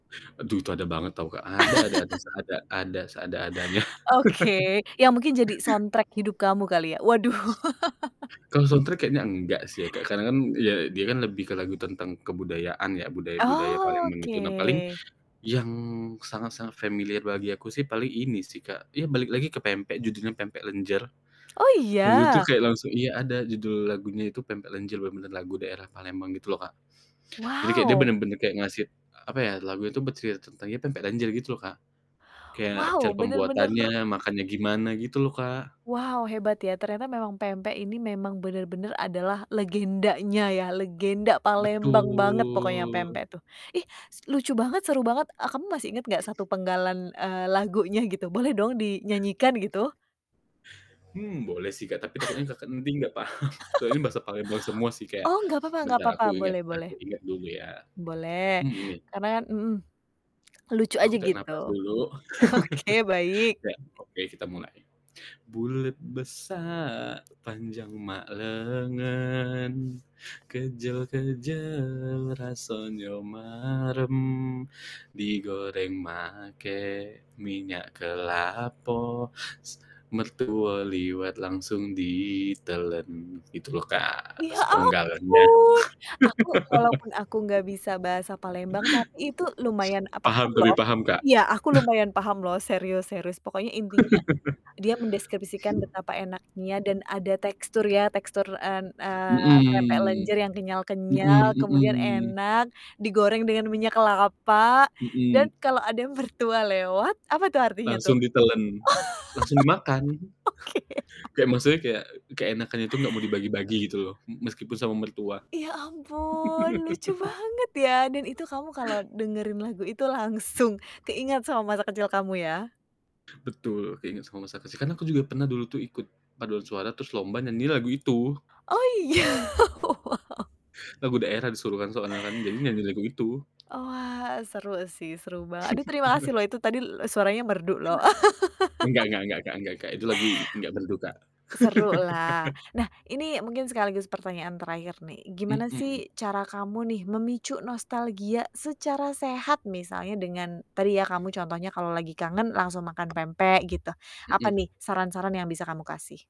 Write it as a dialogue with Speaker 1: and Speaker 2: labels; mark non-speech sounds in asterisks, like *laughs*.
Speaker 1: Aduh, itu ada banget tahu Kak, ada ada ada
Speaker 2: *laughs*
Speaker 1: seada ada seada-adanya *chuckles*
Speaker 2: Oke, yang mungkin jadi soundtrack hidup kamu kali ya. Waduh. *laughs*
Speaker 1: Kalau soundtrack kayaknya engga sih ya Kak, karena kan ya dia kan lebih ke lagu tentang kebudayaan ya, budaya-budaya, paling menuju
Speaker 2: Oke.
Speaker 1: nah, paling yang sangat-sangat familiar bagi aku sih, paling ini sih Kak, ya balik lagi ke pempek, judulnya "Pempek Lenjer."
Speaker 2: Oh,
Speaker 1: Itu tuh
Speaker 2: iya?
Speaker 1: kayak langsung iya, ada judul lagunya itu, "Pempek Lenjer," bener-bener lagu daerah Palembang, gitu loh Kak. Jadi, kayak dia
Speaker 2: Wow!
Speaker 1: bener-bener kayak ngasih, apa ya, lagu itu bercerita tentang, ya "Pempek lenjer," gitu loh Kak, kayak
Speaker 2: Wow,
Speaker 1: cara
Speaker 2: benar-benar
Speaker 1: pembuatannya, makannya gimana, gitu loh Kak.
Speaker 2: Wow, hebat ya, ternyata memang pempek ini memang benar-benar adalah legendanya ya, legenda Palembang banget pokoknya
Speaker 1: Betul.
Speaker 2: pempek tuh. Ih, s lucu banget, seru banget, e kamu masih inget nggak satu penggalan, eee, lagunya gitu, boleh dong dinyanyikan gitu!
Speaker 1: Hmm, boleh sih Kak. Tapi takutnya
Speaker 2: *chuckles*
Speaker 1: Kakak nanti nggak paham, soalnya ini bahasa Palembang semua sih,
Speaker 2: *chuckles*
Speaker 1: kayak
Speaker 2: Oh, nggak papa-nggak
Speaker 1: bentar
Speaker 2: papa.
Speaker 1: aku inget
Speaker 2: Boleh
Speaker 1: aku
Speaker 2: boleh.
Speaker 1: inget dulu ya,
Speaker 2: Boleh,
Speaker 1: mmm, gini.
Speaker 2: karena kan mhm, lucu aja,
Speaker 1: Aku tarik
Speaker 2: gitu.
Speaker 1: nafas dulu.
Speaker 2: Oke, baik.
Speaker 1: *laughs* Ya, oke, kita mulai. Bulet besar panjang mak lengan, kejel-kejel rasonyo marem, digoreng make minyak kelapo, s mertue liwet langsung ditelen, itu loh Kak,
Speaker 2: Ya
Speaker 1: sepenggalannya.
Speaker 2: ampun, aku walaupun
Speaker 1: *laughs*
Speaker 2: aku nggak bisa bahasa Palembang, tapi itu lumayan, a paham
Speaker 1: Paham
Speaker 2: loh.
Speaker 1: tapi paham Kak?
Speaker 2: Iya, aku
Speaker 1: *chuckles*
Speaker 2: lumayan paham loh serius serius, pokoknya intinya dia mendeskripsikan
Speaker 1: *laughs*
Speaker 2: betapa enaknya dan ada tekstur ya, tekstur, en eee, pempek
Speaker 1: Mhm.
Speaker 2: lenjer yang kenyal-kenyal,
Speaker 1: Mhm
Speaker 2: kemudian
Speaker 1: mhm.
Speaker 2: enak, digoreng dengan minyak kelapa, dan
Speaker 1: Mhm.
Speaker 2: kalau ada yang mertua lewat apa tuh, artinya tuh?
Speaker 1: Langsung ditelan, langsung dimakan.
Speaker 2: Oh. Oke.
Speaker 1: *chuckles* Kayak maksudnya kayak keenakan itu nggak mau dibagi-bagi gitu loh, mhm, meskipun sama mertua.
Speaker 2: Ya ampun, lucu
Speaker 1: *laughs*
Speaker 2: banget ya, dan itu kamu kalau dengerin lagu itu langsung keinget sama masa kecil kamu ya?
Speaker 1: Betul, keinget sama masa kecil karena aku juga pernah dulu tuh ikut paduan suara terus lomba nyanyiin lagu itu.
Speaker 2: Oh,
Speaker 1: *chuckles*
Speaker 2: iya? Wow. *laughs*
Speaker 1: Lagu daerah disuruh kan soalnya kan, jadi nyanyi lagu itu.
Speaker 2: Oh, wah, seru sih, seru bang aduh terima kasih
Speaker 1: *laughs*
Speaker 2: loh, itu tadi le suaranya merdu loh.
Speaker 1: Nggak
Speaker 2: *laughs*
Speaker 1: nggak nggak Kak nggak Kak, itu lagi nggak berduka.
Speaker 2: Seru lah.
Speaker 1: *laughs*
Speaker 2: Nah, ini mungkin sekaligus pertanyaan terakhir nih. Gimana
Speaker 1: Mhm.
Speaker 2: sih, cara kamu nih memicu nostalgia secara sehat misalnya dengan tadi ya, kamu contohnya kalau lagi kangen langsung makan pempek, gitu. Apa
Speaker 1: Mhm.
Speaker 2: nih saran-saran yang bisa kamu kasih?